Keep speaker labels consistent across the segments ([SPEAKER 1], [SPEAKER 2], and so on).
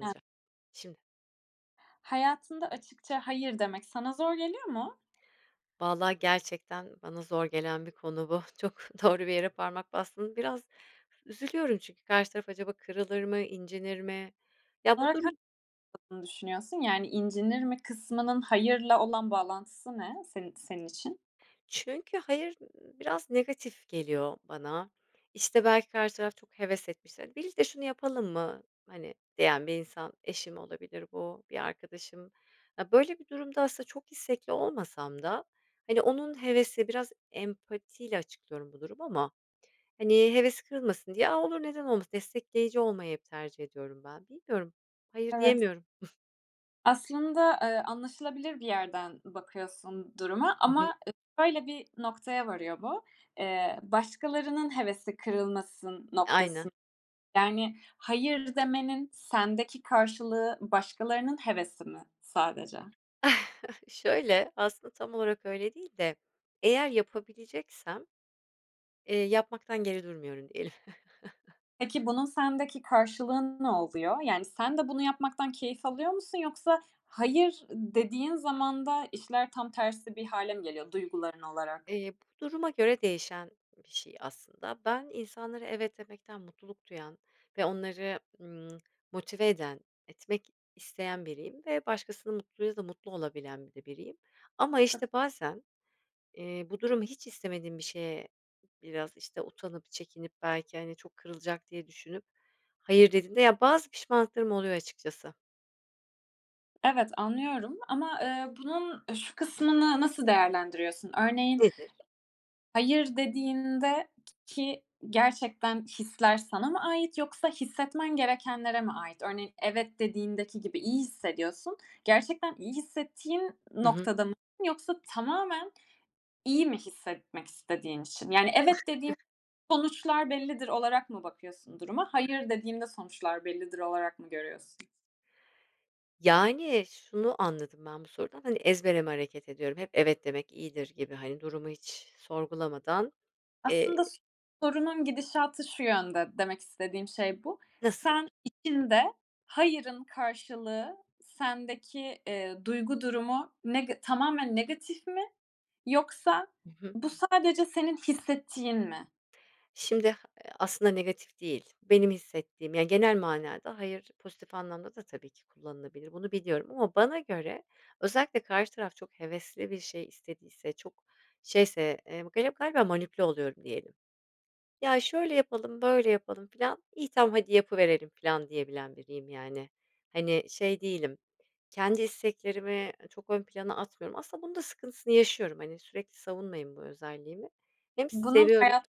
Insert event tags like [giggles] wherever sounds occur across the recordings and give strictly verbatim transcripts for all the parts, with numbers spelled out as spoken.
[SPEAKER 1] Ha
[SPEAKER 2] şimdi.
[SPEAKER 1] Hayatında açıkça "hayır" demek sana zor geliyor mu?
[SPEAKER 2] Vallahi gerçekten bana zor gelen bir konu bu, çok doğru bir yere parmak bastın. Biraz üzülüyorum çünkü karşı taraf acaba kırılır mı, incinir mi? Ya, bu
[SPEAKER 1] [unintelligible]
[SPEAKER 2] durum
[SPEAKER 1] Düşünüyorsun. Yani, incinir mi kısmının hayırla olan bağlantısı ne seni senin için?
[SPEAKER 2] Çünkü, "hayır" biraz negatif geliyor bana. İşte, belki karşı taraf çok heves etmiştir. "Birlikte şunu yapalım mı?", hani, diyen bir insan; eşim olabilir bu, bir arkadaşım... Ya, böyle bir durumda aslında çok istekli olmasam da, hani, onun hevesi, biraz empatiyle açıklıyorum bu durumu ama, hani, hevesi kırılmasın diye: "A, olur, neden olmasın?" Destekleyici olmayı hep tercih ediyorum ben. Bilmiyorum. Hayır
[SPEAKER 1] Evet.
[SPEAKER 2] diyemiyorum. [chuckles]
[SPEAKER 1] Aslında, eee, anlaşılabilir bir yerden bakıyorsun duruma
[SPEAKER 2] Hı hı.
[SPEAKER 1] ama şöyle bir noktaya varıyor bu. Eee, başkalarının hevesi kırılmasın noktası,
[SPEAKER 2] Aynen.
[SPEAKER 1] yani, "hayır" demenin sendeki karşılığı başkalarının hevesi mi sadece?
[SPEAKER 2] [chuckles] Şöyle, aslında tam olarak öyle değil de, eğer yapabileceksem, eee, yapmaktan geri durmuyorum, diyelim. [chuckles]
[SPEAKER 1] Peki, bunun sendeki karşılığı ne oluyor? Yani, sen de bunu yapmaktan keyif alıyor musun? Yoksa, "hayır" dediğin zaman da işler tam tersi bir hâle mi geliyor duyguların olarak?
[SPEAKER 2] Eee, bu duruma göre değişen bir şey, aslında. Ben insanlara evet demekten mutluluk duyan ve onları, ımm, motive eden, etmek isteyen biriyim ve başkasının mutluluğuyla da mutlu olabilen bir de biriyim. Ama işte bazen, eee, bu durumu hiç istemediğim bir şeye, biraz, işte, utanıp çekinip belki, hani, çok kırılacak diye düşünüp hayır dediğimde, ya bazı pişmanlıklarım oluyor açıkçası.
[SPEAKER 1] Evet, anlıyorum ama, eee, bunun şu kısmını nasıl değerlendiriyorsun? Örneğin,
[SPEAKER 2] Nedir?
[SPEAKER 1] hayır dediğinde k ki gerçekten hisler sana mı ait yoksa hissetmen gerekenlere mi ait? Örneğin, evet dediğindeki gibi iyi hissediyorsun, gerçekten iyi hissettiğin
[SPEAKER 2] Hı hı.
[SPEAKER 1] noktada mı yoksa tamamen iyi mi hissetmek istediğin için? Yani, “Evet dediğim sonuçlar bellidir.” olarak mı bakıyorsun duruma, “Hayır dediğimde sonuçlar bellidir.“ olarak mı görüyorsun?
[SPEAKER 2] Yani, şunu anladım ben bu sorudan, hani, ezbere mi hareket ediyorum, hep "evet" demek iyidir gibi, hani, durumu hiç sorgulamadan.
[SPEAKER 1] Aslında
[SPEAKER 2] Eee
[SPEAKER 1] sorunun gidişatı şu yönde, demek istediğim şey bu.
[SPEAKER 2] Nasıl?
[SPEAKER 1] Sen içinde "hayırın" karşılığı sendeki, ııı, duygu durumu nega tamamen negatif mi? Yoksa,
[SPEAKER 2] Hı hı.
[SPEAKER 1] bu sadece senin hissettiğin mi?
[SPEAKER 2] Şimdi a aslında negatif değil. Benim hissettiğim, yani, genel manada "hayır" pozitif anlamda da tabii ki kullanılabilir. Bunu biliyorum ama bana göre, özellikle karşı taraf çok hevesli bir şey istediyse, çok şeyse, eee, gali galiba manipüle oluyorum diyelim. "Ya şöyle yapalım, böyle yapalım" filan, iyi tamam, hadi yapıverelim filan diyebilen biriyim, yani. Hani, şey değilim, kendi isteklerimi çok ön plana atmıyorum. Aslında bunun da sıkıntısını yaşıyorum. Hani, sürekli savunmayım bu özelliğimi. Hem
[SPEAKER 1] Bunun
[SPEAKER 2] seviyorum
[SPEAKER 1] hayat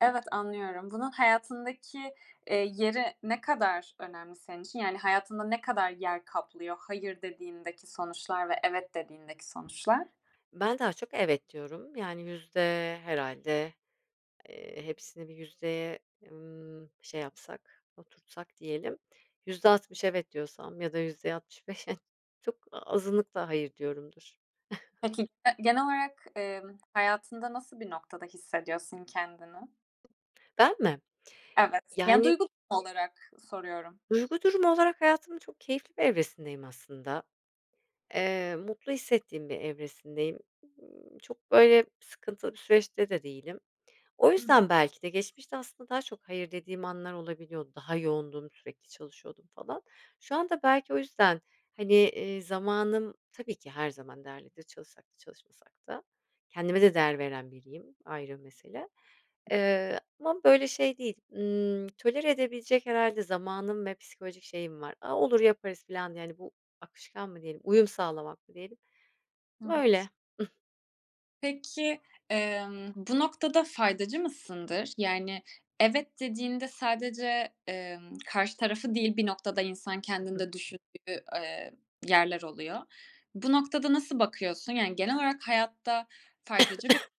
[SPEAKER 1] evet anlıyorum, bunun hayatındaki, eee, yeri ne kadar önemli senin için, yani, hayatında ne kadar yer kaplıyor "hayır" dediğindeki sonuçlar ve "evet" dediğindeki sonuçlar?
[SPEAKER 2] Ben daha çok "evet" diyorum, yani, yüzde herhâlde, eee, hepsini bir yüzdeye, ımm, şey yapsak, oturtsak diyelim. Yüzde altmış "evet" diyorsam ya da yüzde altmış beş çok azınlıkla "hayır" diyorumdur. [chuckles]
[SPEAKER 1] Peki, eee, genel olarak, ımm, hayatında nasıl bir noktada hissediyorsun kendini?
[SPEAKER 2] Ben mi?
[SPEAKER 1] Evet, yani,
[SPEAKER 2] Yani
[SPEAKER 1] duygu durumu olarak soruyorum.
[SPEAKER 2] Duygu durumu olarak hayatımın çok keyifli bir evresindeyim aslında. Eee, mutlu hissettiğim bir evresindeyim. Imm, çok böyle sıkıntılı bir süreçte de değilim. O
[SPEAKER 1] Hı
[SPEAKER 2] yüzden
[SPEAKER 1] hı.
[SPEAKER 2] belki de geçmişte aslında daha çok "hayır" dediğim anlar olabiliyordu. Daha yoğundum, sürekli çalışıyordum falan. Şu anda belki o yüzden, hani, iii, zamanım tabii ki her zaman değerlidir, çalışsak da çalışmasak da. Kendime de
[SPEAKER 1] [unintelligible]
[SPEAKER 2] değer veren biriyim, ayrı bir mesele, ııı, ama böyle şey değil, ımm, tolere edebilecek herhâlde zamanım ve psikolojik şeyim var. "A olur yaparız." filan, yani, bu akışkan mı diyelim, uyum sağlamak mı diyelim.
[SPEAKER 1] Evet.
[SPEAKER 2] Böyle. [chuckles]
[SPEAKER 1] Peki, emm, bu noktada faydacı mısındır? Yani, evet dediğinde sadece, emm, karşı tarafı değil, bir noktada insan
[SPEAKER 2] I
[SPEAKER 1] kendini
[SPEAKER 2] hı.
[SPEAKER 1] de düşündüğü, eee, yerler oluyor. Bu noktada nasıl bakıyorsun? Yani, genel olarak hayatta faydacı bir
[SPEAKER 2] [coughs]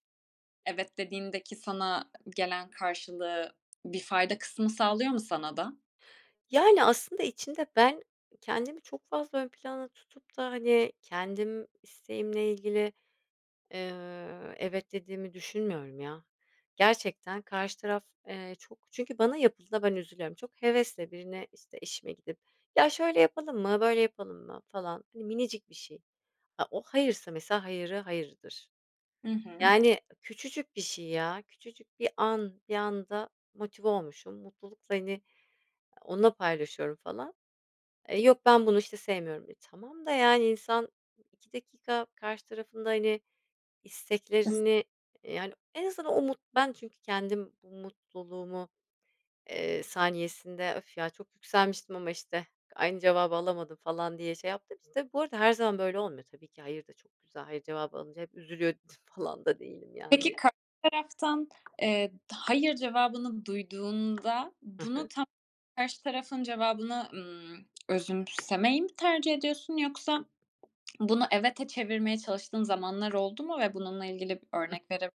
[SPEAKER 1] evet dediğindeki sana gelen karşılığı bir fayda kısmı sağlıyor mu sana da?
[SPEAKER 2] Yani, aslında içinde ben, kendimi çok fazla ön planda tutup da, hani, kendim isteğimle ilgili, eee, evet dediğimi düşünmüyorum ya. Gerçekten karşı taraf, eee, çok Çünkü bana yapıldığında ben üzülüyorum. Çok hevesle birine, işte, eşime gidip, "Ya, şöyle yapalım mı, böyle yapalım mı?" falan, hani, minicik bir şey. A, o hayırsa mesela hayırı hayırdır.
[SPEAKER 1] Hı hı.
[SPEAKER 2] Yani, küçücük bir şey ya, küçücük bir an bir anda motive olmuşum. Mutlulukla, hani, onunla paylaşıyorum falan. "E, yok, ben bunu, işte, sevmiyorum." E, tamam da, yani, insan iki dakika karşı tarafın da, hani,
[SPEAKER 1] [giggles]
[SPEAKER 2] isteklerini, eee, yani, en azından o mut ben, çünkü kendim bu mutluluğumu, eee, saniyesinde, "öf ya, çok yükselmiştim ama, işte, aynı cevabı alamadım" falan diye şey yaptığım için tabii bu arada her zaman böyle olmuyor tabii ki hayır da çok güzel Hayır cevabı alınca hep üzülüyor [scoffs] falan da değilim
[SPEAKER 1] Peki,
[SPEAKER 2] yani.
[SPEAKER 1] karşı taraftan, eee, hayır cevabını duyduğunda
[SPEAKER 2] Hı
[SPEAKER 1] bunu
[SPEAKER 2] hı.
[SPEAKER 1] tam karşı tarafın cevabını, ımm, özümsemeyi mi tercih ediyorsun yoksa [swallows] bunu evete çevirmeye çalıştığın zamanlar oldu mu ve bununla ilgili
[SPEAKER 2] Ih
[SPEAKER 1] örnek vere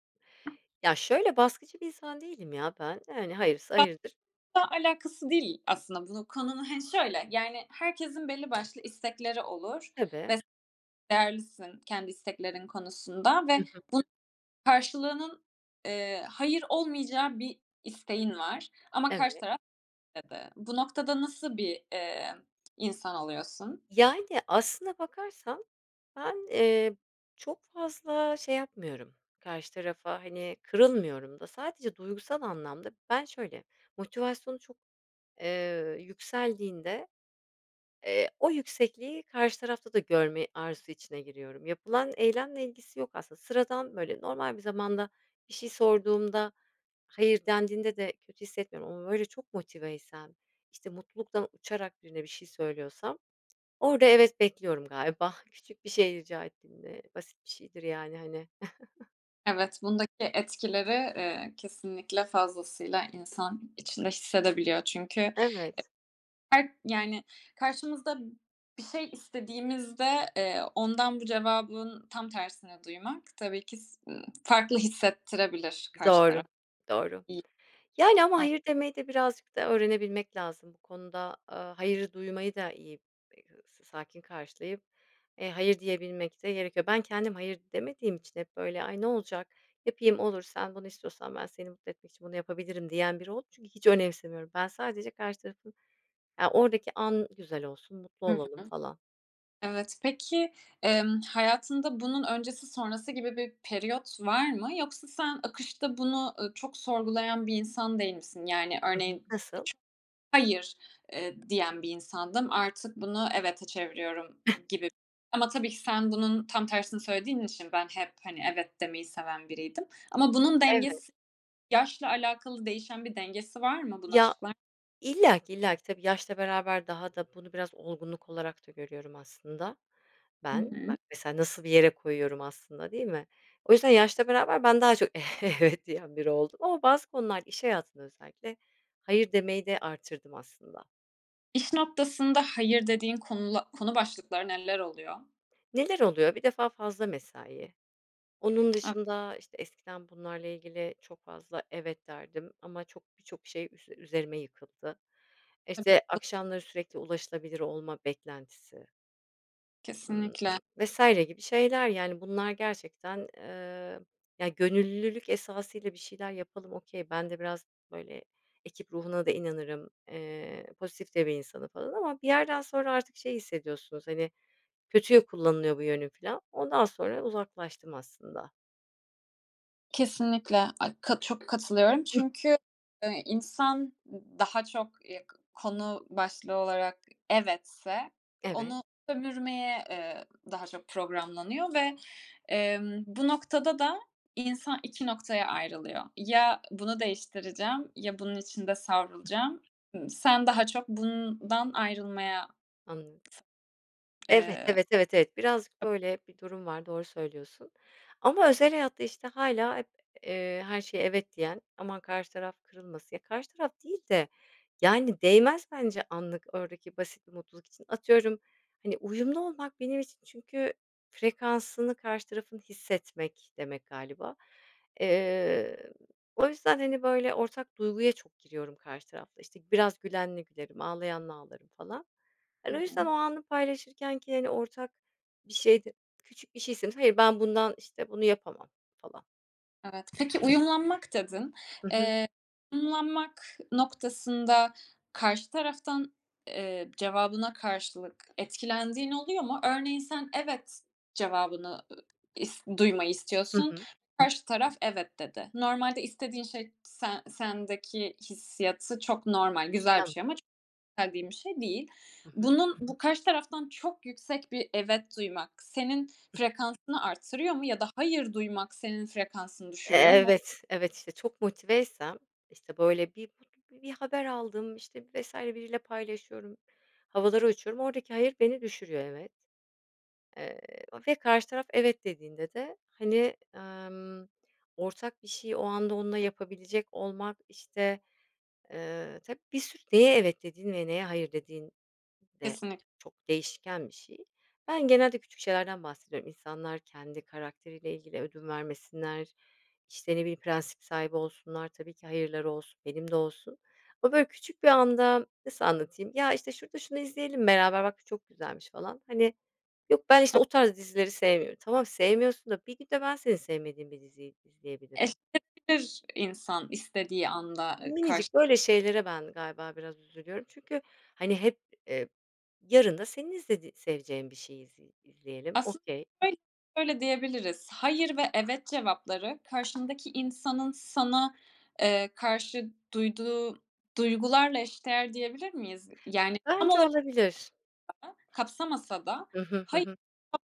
[SPEAKER 2] Ya şöyle, baskıcı bir insan değilim ya ben. Yani, hayırsa
[SPEAKER 1] Ba
[SPEAKER 2] hayırdır.
[SPEAKER 1] [unintelligible] alakası değil aslında bunu konunun Hani şöyle, yani, herkesin belli başlı istekleri olur
[SPEAKER 2] Tabii.
[SPEAKER 1] ve s değerlisin kendi isteklerin konusunda
[SPEAKER 2] Hı
[SPEAKER 1] ve
[SPEAKER 2] hı.
[SPEAKER 1] bun karşılığının, eee, hayır olmayacağı bir isteğin var ama karşı
[SPEAKER 2] Evet.
[SPEAKER 1] taraf dedi. Bu noktada nasıl bir, eee, insan oluyorsun?
[SPEAKER 2] Yani, aslında bakarsan ben, eee, çok fazla şey yapmıyorum, karşı tarafa, hani, kırılmıyorum da. Sadece duygusal anlamda Ben şöyle, motivasyonu çok, eee, yükseldiğinde, eee, o yüksekliği karşı tarafta da görme arzusu içine giriyorum. Yapılan eylemle ilgisi yok aslında. Sıradan, böyle normal bir zamanda bir şey sorduğumda hayır dendiğinde de kötü hissetmiyorum ama böyle çok motiveysem, işte, mutluluktan uçarak birine bir şey söylüyorsam orada evet bekliyorum galiba. Küçük bir şey rica ettiğimde. Basit bir şeydir, yani, hani. [chuckles]
[SPEAKER 1] Evet, bundaki etkileri, eee, kesinlikle fazlasıyla insan içinde hissedebiliyor çünkü
[SPEAKER 2] Evet.
[SPEAKER 1] her, yani, karşımızda bir şey istediğimizde, eee, ondan bu cevabın tam tersini duymak tabii ki s ımm, farklı hissettirebilir karşı taraf
[SPEAKER 2] Doğru, doğru.
[SPEAKER 1] i
[SPEAKER 2] Yani ama
[SPEAKER 1] a
[SPEAKER 2] hayır demeyi de birazcık da öğrenebilmek lazım bu konuda, aaa, hayırı duymayı da iyi, e hı s sakin karşılayıp, eee, hayır diyebilmek de gerekiyor. Ben, kendim hayır demediğim için hep böyle, "Ay ne olacak? Yapayım, olur. Sen, bunu istiyorsan ben seni mutlu etmek için bunu yapabilirim" diyen biri oldum. Çünkü hiç önemsemiyorum. Ben sadece karşı tarafın, ya oradaki an güzel olsun, mutlu
[SPEAKER 1] Hı hı.
[SPEAKER 2] olalım falan.
[SPEAKER 1] Evet. Peki, emm, hayatında bunun öncesi sonrası gibi bir periyot var mı yoksa sen akışta bunu, ııı, çok sorgulayan bir insan değil misin? Yani,
[SPEAKER 2] Hı hı.
[SPEAKER 1] örneğin
[SPEAKER 2] Nasıl?
[SPEAKER 1] ç hayır, eee, diyen bir insandım, artık bunu evete çeviriyorum
[SPEAKER 2] [giggles]
[SPEAKER 1] gibi. Ama tabii ki sen bunun tam tersini söylediğin için ben hep, hani, evet demeyi seven biriydim ama bunun
[SPEAKER 2] Evet.
[SPEAKER 1] dengesi Yaşla alakalı değişen bir dengesi var mı? Bunu
[SPEAKER 2] Ya
[SPEAKER 1] açıklar
[SPEAKER 2] İllaki, illaki. Tabii yaşla beraber daha da bunu biraz olgunluk olarak da görüyorum aslında
[SPEAKER 1] I
[SPEAKER 2] ben. Bak
[SPEAKER 1] hı.
[SPEAKER 2] mesela, nasıl bir yere koyuyorum aslında, değil mi? O yüzden yaşla beraber ben daha çok evet diyen biri oldum ama bazı konularda iş hayatında özellikle hayır demeyi de artırdım aslında.
[SPEAKER 1] İş noktasında "hayır" dediğin konula konu başlıkları neler oluyor?
[SPEAKER 2] Neler oluyor, bir defa fazla mesai. Onun
[SPEAKER 1] E
[SPEAKER 2] dışında, işte, eskiden bunlarla ilgili çok fazla "evet" derdim ama çok, birçok şey üs üzerime yıkıldı. İşte,
[SPEAKER 1] Tabii.
[SPEAKER 2] akşamları sürekli ulaşılabilir olma beklentisi Imm,
[SPEAKER 1] Kesinlikle.
[SPEAKER 2] vs. gibi şeyler, yani, bunlar gerçekten, eee, ya, gönüllülük esasıyla bir şeyler yapalım, okay, ben de biraz, böyle, ekip ruhuna da inanırım, eee, pozitif de bir insanım falan ama bir yerden sonra artık şey hissediyorsunuz, hani, kötüye kullanılıyor bu yönüm filan. Ondan sonra uzaklaştım aslında.
[SPEAKER 1] Kesinlikle. Ay ka çok katılıyorum çünkü, eee, insan, ııı, daha çok, eee, k konu başlığı olarak evetse
[SPEAKER 2] Evet.
[SPEAKER 1] onu sömürmeye, eee, daha çok programlanıyor ve, emm, bu noktada da insan iki noktaya ayrılıyor. Ya bunu değiştireceğim ya bunun içinde savrulacağım. Imm, sen daha çok bundan ayrılmaya.
[SPEAKER 2] Anladım. Evet,
[SPEAKER 1] Eee
[SPEAKER 2] evet, evet, evet. Birazcık böyle bir durum var, doğru söylüyorsun. Ama özel hayatta, işte, hâlâ hep, eee, her şeye "evet" diyen, aman karşı taraf kırılmasın Ya, karşı taraf değil de yani değmez bence anlık oradaki basit bir mutluluk için. Atıyorum, hani, uyumlu olmak benim için çünkü "frekansını karşı tarafın hissetmek" demek galiba. Eee, o yüzden, hani, böyle, ortak duyguya çok giriyorum karşı tarafla. İşte, biraz gülenle gülerim, ağlayanla ağlarım falan.
[SPEAKER 1] Hı
[SPEAKER 2] Hani, o yüzden o
[SPEAKER 1] hı.
[SPEAKER 2] anı paylaşırkenki, hani, ortak bir şeyde küçük bir şeysin. Hayır, ben bundan, işte, bunu yapamam, falan.
[SPEAKER 1] Evet. Peki "uyumlanmak" dedin.
[SPEAKER 2] Hı hı.
[SPEAKER 1] Eee, umlanmak noktasında karşı taraftan, eee, cevabına karşılık etkilendiğin oluyor mu? Örneğin sen "evet" cevabını, ııı, is duymayı
[SPEAKER 2] Hı
[SPEAKER 1] istiyorsun,
[SPEAKER 2] hı.
[SPEAKER 1] karşı taraf "evet" dedi. Normalde istediğin şey sen sendeki hissiyatı çok normal, güzel bir şey ama
[SPEAKER 2] Tamam.
[SPEAKER 1] [unintelligible] bir şey değil. Bunun bu karşı taraftan çok yüksek bir "evet" duymak senin frekansını arttırıyor mu ya da "hayır" duymak senin frekansını
[SPEAKER 2] E
[SPEAKER 1] düşürüyor mu?
[SPEAKER 2] evet, evet, işte, çok motiveysem, işte, böyle, bir bi bir haber aldım, işte, vs. biriyle paylaşıyorum, havalara uçuyorum, oradaki "hayır" beni düşürüyor. Evet. Eee, ve karşı taraf "evet" dediğinde de, hani, emm, ortak bir şeyi o anda onunla yapabilecek olmak, işte, eee, tab bir sürü Neye "evet" dediğin ve neye "hayır" dediğin de
[SPEAKER 1] Kesinlik
[SPEAKER 2] çok değişken bir şey. Ben genelde küçük şeylerden bahsediyorum. İnsanlar kendi karakteriyle ilgili ödün vermesinler, işte, ne bileyim prensip sahibi olsunlar, tabii ki "hayır"ları olsun, benim de olsun ama, böyle, küçük bir anda Nasıl anlatayım? Ya, işte, "Şurada şunu izleyelim beraber. Bak bu çok güzelmiş." falan, hani, "Yok, ben, işte,
[SPEAKER 1] A
[SPEAKER 2] o tarz dizileri sevmiyorum." Tamam, sevmiyorsun da bir gün de ben senin sevmediğin bir diziyi izleyebilirim.
[SPEAKER 1] [unintelligible] İnsan istediği anda, eee, karş
[SPEAKER 2] Minicik, böyle, şeylere ben galiba biraz üzülüyorum çünkü, hani, hep, eee, yarın da senin istediği seveceğin bir şeyi izle izleyelim.
[SPEAKER 1] Aslı
[SPEAKER 2] Okay.
[SPEAKER 1] öyl öyle diyebiliriz. "Hayır" ve "evet" cevapları karşındaki insanın sana, eee, karşı duyduğu duygularla eş değer diyebilir miyiz? Yani, tam
[SPEAKER 2] Bence
[SPEAKER 1] olarak
[SPEAKER 2] olabilir.
[SPEAKER 1] [unintelligible] kapsamasa da
[SPEAKER 2] Hı hı, hı hı.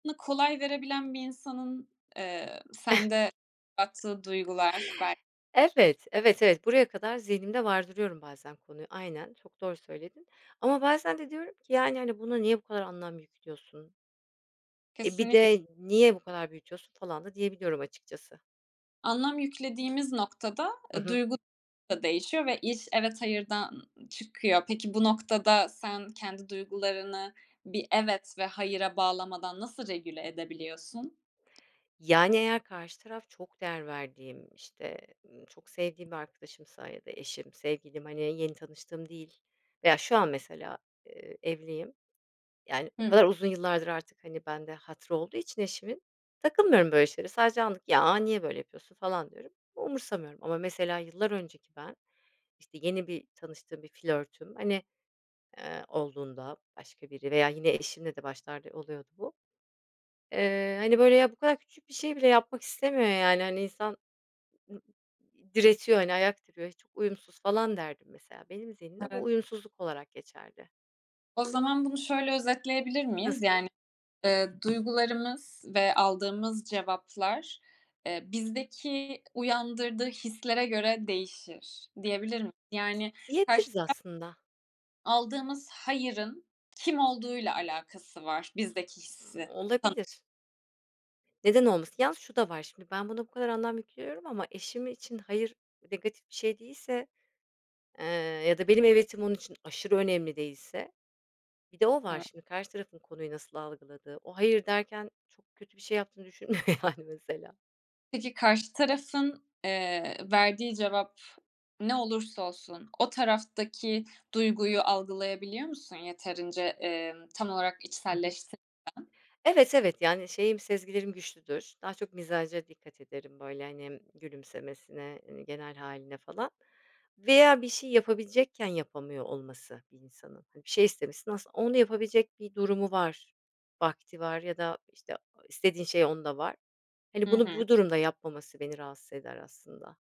[SPEAKER 1] [unintelligible] kolay verebilen bir insanın, eee, sende bıraktığı
[SPEAKER 2] [chuckles]
[SPEAKER 1] duygular, bel
[SPEAKER 2] Evet, evet, evet. Buraya kadar zihnimde vardırıyorum bazen konuyu. Aynen, çok doğru söyledin ama bazen de diyorum ki, yani, hani, "Buna niye bu kadar anlam yüklüyorsun?" Eee, bir
[SPEAKER 1] Kesinlikle.
[SPEAKER 2] de "niye bu kadar büyütüyorsun?" falan da diyebiliyorum açıkçası.
[SPEAKER 1] Anlam yüklediğimiz noktada,
[SPEAKER 2] Hı
[SPEAKER 1] eee,
[SPEAKER 2] hı.
[SPEAKER 1] duygu da değişiyor ve iş "evet, hayırdan" ı çıkıyor. Peki, bu noktada sen kendi duygularını bir "evet" ve "hayıra" bağlamadan nasıl regüle edebiliyorsun?
[SPEAKER 2] Yani, eğer karşı taraf çok değer verdiğim, işte, ııı, çok sevdiğim bir arkadaşımsa ya da eşim, sevgilim, hani, yeni tanıştığım değil veya şu an mesela, ııı, evliyim. Yani, o
[SPEAKER 1] Hıı.
[SPEAKER 2] kadar uzun yıllardır artık, hani, bende hatırı olduğu için eşimin, takılmıyorum böyle şeylere. Sadece anlık, "ya, niye böyle yapıyorsun?" falan diyorum. Umursamıyorum ama mesela yıllar önceki ben, işte, yeni bir tanıştığım bir flörtüm, hani, ııı, olduğunda başka biri veya yine eşimle de başlarda oluyordu bu. Eee, hani, böyle, "ya, bu kadar küçük bir şey bile yapmak istemiyor, yani. Hani, insan ı ı diretiyor, hani, ayak diriyor, çok uyumsuz" falan derdim, mesela. Benim zihnimde bu
[SPEAKER 1] Evet.
[SPEAKER 2] uyumsuzluk olarak geçerdi.
[SPEAKER 1] O zaman bunu şöyle özetleyebilir miyiz?
[SPEAKER 2] Nasıl?
[SPEAKER 1] Yani, eee, duygularımız ve aldığımız cevaplar, eee, bizdeki uyandırdığı hislere göre değişir, diyebilir mi Yani, karşı
[SPEAKER 2] Diyebiliriz
[SPEAKER 1] ta
[SPEAKER 2] aslında.
[SPEAKER 1] Aldığımız hayırın kim olduğuyla alakası var bizdeki
[SPEAKER 2] M
[SPEAKER 1] hissi sa
[SPEAKER 2] olabilir. Neden olmasın? Yalnız şu da var; şimdi ben, buna bu kadar anlam yüklüyorum ama eşim için hayır negatif bir şey değilse, eee, ya da benim evetim onun için aşırı önemli değilse bir de o var
[SPEAKER 1] Eve
[SPEAKER 2] şimdi; karşı tarafın konuyu nasıl algıladığı. O, hayır derken çok kötü bir şey yaptığını düşünmüyor, yani, mesela.
[SPEAKER 1] Peki, karşı tarafın, eee, verdiği cevap ne olursa olsun o taraftaki duyguyu algılayabiliyor musun yeterince, eee, tam olarak
[SPEAKER 2] Hı hı.
[SPEAKER 1] içselleştirirken?
[SPEAKER 2] Evet, evet. Yani, şeyim sezgilerim güçlüdür. Daha çok mizaca dikkat ederim böyle, hani, gülümsemesine, hani, genel hâline falan. Veya bir şeyi yapabilecekken yapamıyor olması bir insanın. Hani, bir şey istemişsin aslında onu yapabilecek bir durumu var, vakti var ya da, işte, a o istediğin şey onda var. Hani,
[SPEAKER 1] Hı
[SPEAKER 2] bunu
[SPEAKER 1] hı.
[SPEAKER 2] bu durumda yapmaması beni rahatsız eder aslında.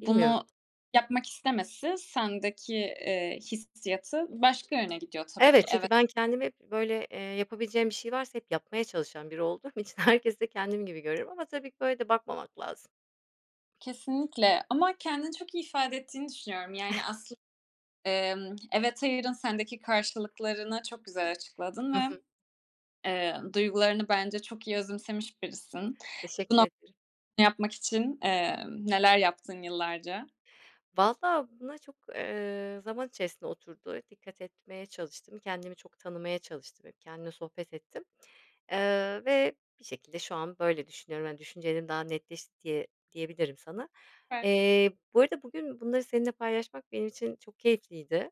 [SPEAKER 2] Bilmiyorum.
[SPEAKER 1] yapmak istemesi sendeki, eee, hissiyatı başka yöne gidiyor tabii ki
[SPEAKER 2] Evet
[SPEAKER 1] eve
[SPEAKER 2] çünkü ben kendim hep böyle, eee, yapabileceğim bir şey varsa hep yapmaya çalışan biri olduğum için herkesi de kendim gibi görüyorum ama tabii ki böyle de bakmamak lazım.
[SPEAKER 1] Kesinlikle. Ama kendini çok iyi ifade ettiğini düşünüyorum, yani,
[SPEAKER 2] [giggles]
[SPEAKER 1] aslında, emm, evet, hayırın sendeki karşılıklarını çok güzel açıkladın
[SPEAKER 2] Hı
[SPEAKER 1] ve,
[SPEAKER 2] hı.
[SPEAKER 1] eee, duygularını bence çok iyi özümsemiş birisin.
[SPEAKER 2] Teşekkür ederim.
[SPEAKER 1] Bu no yapmak için, emm, neler yaptın yıllarca?
[SPEAKER 2] Valla buna çok, eee, zaman içerisinde oturdu. Dikkat etmeye çalıştım. Kendimi çok tanımaya çalıştım, hep kendimle sohbet ettim. Eee, ve bir şekilde şu an böyle düşünüyorum, hani, düşüncelerim daha netleşti diye diyebilirim sana.
[SPEAKER 1] Ben
[SPEAKER 2] Eee, bu arada bugün bunları seninle paylaşmak benim için çok keyifliydi.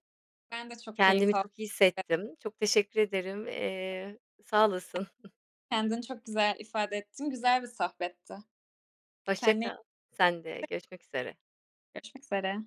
[SPEAKER 1] Ben de çok keyif
[SPEAKER 2] Kendimi
[SPEAKER 1] al
[SPEAKER 2] çok iyi
[SPEAKER 1] [unintelligible]
[SPEAKER 2] hissettim. Çok teşekkür ederim. Eee, sağ olasın. [giggles]
[SPEAKER 1] Kendini çok güzel ifade ettin, güzel bir sohbetti.
[SPEAKER 2] Hoşça
[SPEAKER 1] Kendine
[SPEAKER 2] kal.
[SPEAKER 1] iy
[SPEAKER 2] Sen de. Görüşmek üzere.
[SPEAKER 1] Görüşmek üzere.